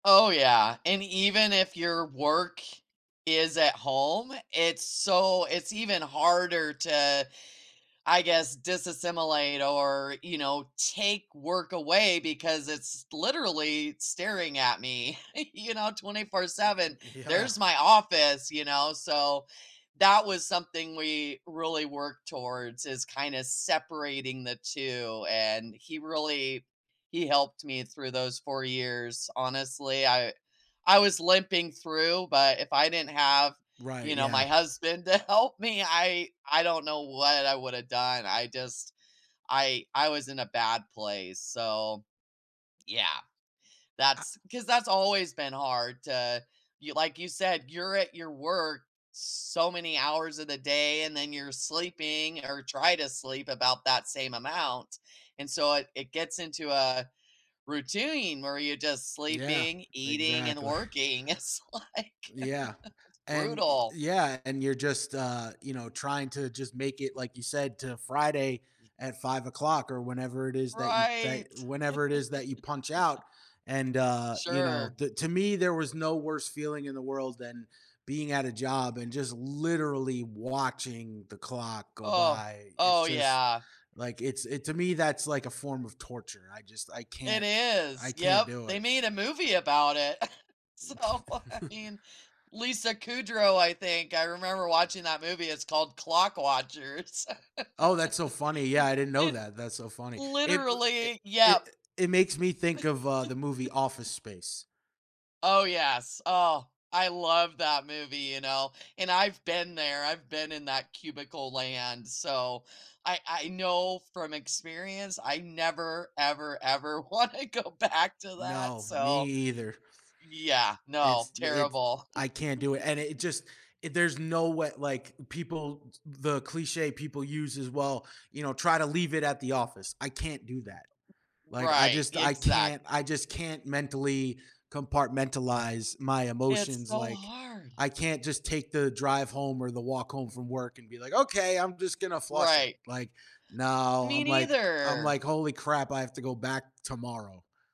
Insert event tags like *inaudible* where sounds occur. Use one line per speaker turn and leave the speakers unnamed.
Oh, yeah, and even if your work is at home, it's so it's even harder to, I guess, disassimilate or, you know, take work away because it's literally staring at me, *chuckles* you know, twenty-four
Mhm.
seven.
Yeah.
There's my office, you know, so that was something we really worked towards is kinda separating the 2, and he really he helped me through those 4 years. Honestly, I I was limping through, but if I didn't have,
Right,
you know, my
yeah.
husband to help me, I I don't know what I woulda done. I just I I was in a bad place, so, yeah,
I
that's 'cause that's always been hard to y like you said, you're at your work so many hours of the day and then you're sleeping or try to sleep about that same amount and so it it gets into a routine where you're just
Yeah,
sleeping, eating, and
exactly.
working; it's, like,
Yeah,
*chuckles*
and Y
brutal.
yeah, and you're just, uh, you know, trying to just make it, like you said, to Friday
*unintelligible*
at 5:00 or whenever it is that you that
Right! *laughs*
whenever it is that you punch out, and, uh, you know,
Sure.
the To me, there was no worse feeling in the world than being at a job and just literally watching the clock go
Oh!
by. It's
Oh,
just
yeah.
like, it's it to me, that's like a form of torture; I just I
It
can't
is,
I can't
yep.
do
They
it.
made a movie about it. *chuckles* So, I
*chuckles*
mean, Lisa Kudrow, I think, I remember watching that movie; it's called Clock Watchers. *laughs*
Oh, that's so funny. Yeah,
It
I didn't know
it
that. That's so funny. It w i
Literally!
i
Yep!
it makes me think of, uh, the movie Office
*laughs*
Space.
Oh, yes. Oh, I love that movie, you know? And I've been there; I've been in that cubicle land, so I I know from experience. I never, ever, ever wanna go back to that,
No, me
so
either.
Yeah, no,
It's d it's
terrible.
I can't do it, and it just i
*laughs*
there's no way like, people t the cliché people use is, "Well, you know, try to leave it at the office." I can't do that. Like, I
Right,
just I
exact
can't I just can't mentally compartmentalize my
It's
emotions.
so
Like,
hard.
I can't just take the drive home or the walk home from work and be like, "Okay! I'm just gonna flush it."
Right.
Like, no,
Me
I'm, like I'm
neither!
like, "Holy crap, I have to go back tomorrow."